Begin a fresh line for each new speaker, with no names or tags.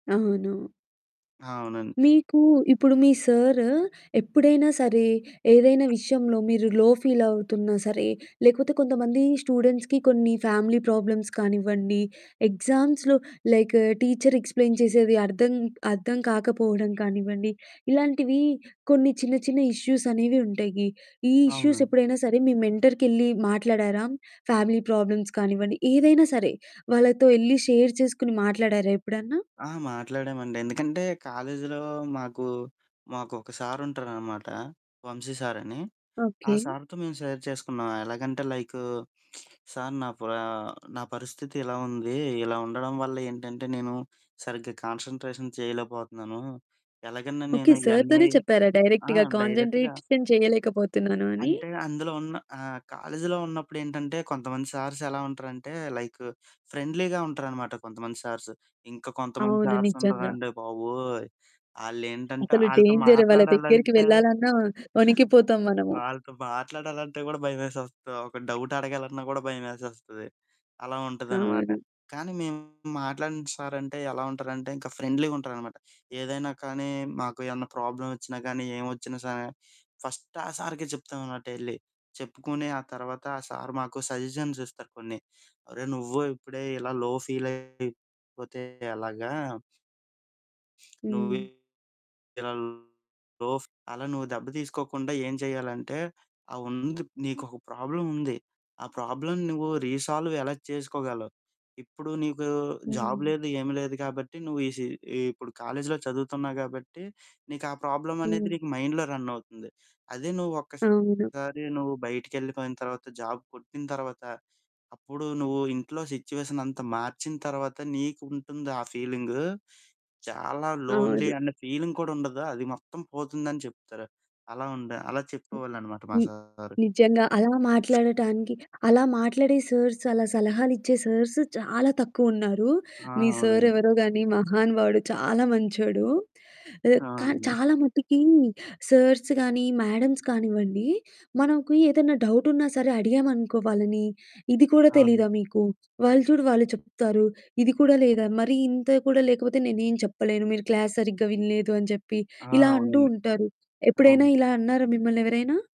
అవును.
అవునండి.
మీకు ఇప్పుడు మీ సారు ఎప్పుడైనా సరే, ఏదైనా విషయంలో మీరు లో ఫీల్ అవుతున్నా సరే, లేకపోతే కొంతమంది స్టూడెంట్స్‌కి కొన్ని ఫ్యామిలీ ప్రాబ్లమ్స్ కానివ్వండి, ఎగ్జామ్స్‌లో లైక్ టీచర్ ఎక్స్ప్లెయిన్ చేసేది అర్థం అర్థం కాకపోవడం కానివ్వండి. ఇలాంటివి కొన్ని చిన్న చిన్న ఇష్యూస్ అనేవి ఉంటాయి. ఈ ఇష్యూస్
అవునండి.
ఎప్పుడైనా సరే, మీ మెంటర్‌కెళ్ళి మాట్లాడారా? ఫ్యామిలీ ప్రాబ్లమ్స్ కానివ్వండి, ఏదైనా సరే వాళ్ళతో ఎళ్ళి షేర్ చేసుకొని మాట్లాడారా ఎప్పుడన్నా?
ఆ! మాట్లాడామండి. ఎందుకంటే కాలేజీలో మాకు, మాకు ఒక సారు ఉంటారనమాట. వంశీ సారని. ఆ
ఓకే.
సారుతో మేము షేర్ చేసుకున్నాం. ఎలాగంటే లైకు, సారు నా ప్ర నా పరిస్థితి ఇలా ఉంది, ఇలా ఉండడం వల్ల ఏంటంటే, నేను సరిగ్గా కాన్సంట్రేషన్ చేయలేకపోతున్నాను. ఎలాగన్నా
ఓకే,
నేను ఇయన్నీ
సారుతోనే చెప్పారా
ఆ!
డైరెక్ట్‌గా
డైరెక్ట్‌గా.
కాన్సంట్రేషన్ చేయలేకపోతున్నాను అని.
అంటే అందులో ఉన్న ఆహ్, కాలేజీలో ఉన్నప్పుడు ఏంటంటే, కొంతమంది సార్స్ ఎలా ఉంటారంటే లైక్ ఫ్రెండ్లీగా ఉంటారనమాట కొంతమంది సార్స్. ఇంకా కొంతమంది
అవును,
సార్స్
నిజంగా.
ఉంటారండి బాబోయ్! ఆళ్ళేంటంటే,
అసలు
వాళ్ళతో
డేంజర్ వాళ్ళ దగ్గరికి
మాట్లాడాలంటే
వెళ్ళాలన్నా వణికిపోతాము మనము.
వాళ్ళతో మాట్లాడాలంటే కూడా భయమేసేస్తా, ఒక డౌట్ అడగాలన్నా కూడా భయమేసేస్తది. అలా ఉంటుందనమాట
అవును.
కానీ, మేము మాట్లాడిన సారు అంటే, ఎలా ఉంటారంటే, ఇంకా ఫ్రెండ్లీగ ఉంటారనమాట. ఏదైనా కానీ, మాకు ఏమన్నా ప్రాబ్లమ్ వచ్చినా కానీ, ఏం వచ్చినా సా ఫస్ట్ ఆ సారుకె చెప్తాం అనమాట ఎళ్ళి. చెప్పుకుని ఆ తర్వాత ఆ సారు మాకు సజెషన్స్ ఇస్తారు కొన్ని. "అరేయ్! నువ్వు ఇప్పుడే ఇలా లో ఫీలైపోతే ఎలాగ..." "నువ్వే
హ్మ్.
ఇలా లో ఫ్ అలా నువ్వు దెబ్బ తీసుకోకుండా ఏం చేయాలంటే, ఆ ఉంది నీకొక ప్రాబ్లం ఉంది. ఆ ప్రాబ్లమ్ నువ్వు రీసాల్వ్ ఎలా చేసుకోగలవు? ఇప్పుడు నీకు జాబ్
హ్మ్.
లేదు, ఏం లేదు కాబట్టి నువ్వు ఈ సీ ఈ ఇప్పుడు కాలేజీలో చదువుతున్నావు కాబట్టి, నీకు ఆ ప్రాబ్లమ్ అనేది
హ్మ్.
నీకు మైండ్‌లో రన్ అవుతుంది. అదే నువ్వు
అవును.
ఒక్కసారి నువ్వు బయటికెళ్ళిపోయిన తర్వాత జాబ్ కొట్టిన తర్వాత, అప్పుడు నువ్వు ఇంట్లో సిట్యుయేషన్ అంత మార్చిన తర్వాత, నీకు ఉంటుంది ఆ ఫీలింగ్. చాలా లోన్లీ
అవును.
అనే ఫీలింగ్ కూడా ఉండదు. అది మొత్తం పోతుందని" చెప్తారు. అలా ఉండే అలా
హ్మ్.
చెప్పేవాళ్ళు అనమాట మా
హ్మ్,
సారు.
నిజంగా అలా మాట్లాడటానికి, అలా మాట్లాడే సార్స్, అలా సలహాలు ఇచ్చే సార్స్ చాలా తక్కువ ఉన్నారు.
ఆ!
మీ సారు
అవునండి.
ఎవరో కానీ మహానుబావాడు చాలా మంచోడు. ఆహ్, కానీ
అవునండి.
చాలా మటుకి సార్స్ కానీ, మ్యాడమ్స్ కానివ్వండి. మనకు ఏదైనా డౌట్ ఉన్నా సరే అడిగామనుకో వాలని, "ఇది కూడా
అవును.
తెలీదా మీకు వాళ్ళు చూడు వాళ్ళు చెప్తారు. ఇది కూడా లేదా మరి ఇంత కూడా లేకపోతే నేనేం చెప్పలేను. మీరు క్లాస్ సరిగ్గా వినలేదు" అని చెప్పి
ఆ!
ఇలా అంటూ
అవునండి,
ఉంటారు. ఎప్పుడైనా
అవును.
ఇలా అన్నారా మిమ్మల్ని ఎవరైనా?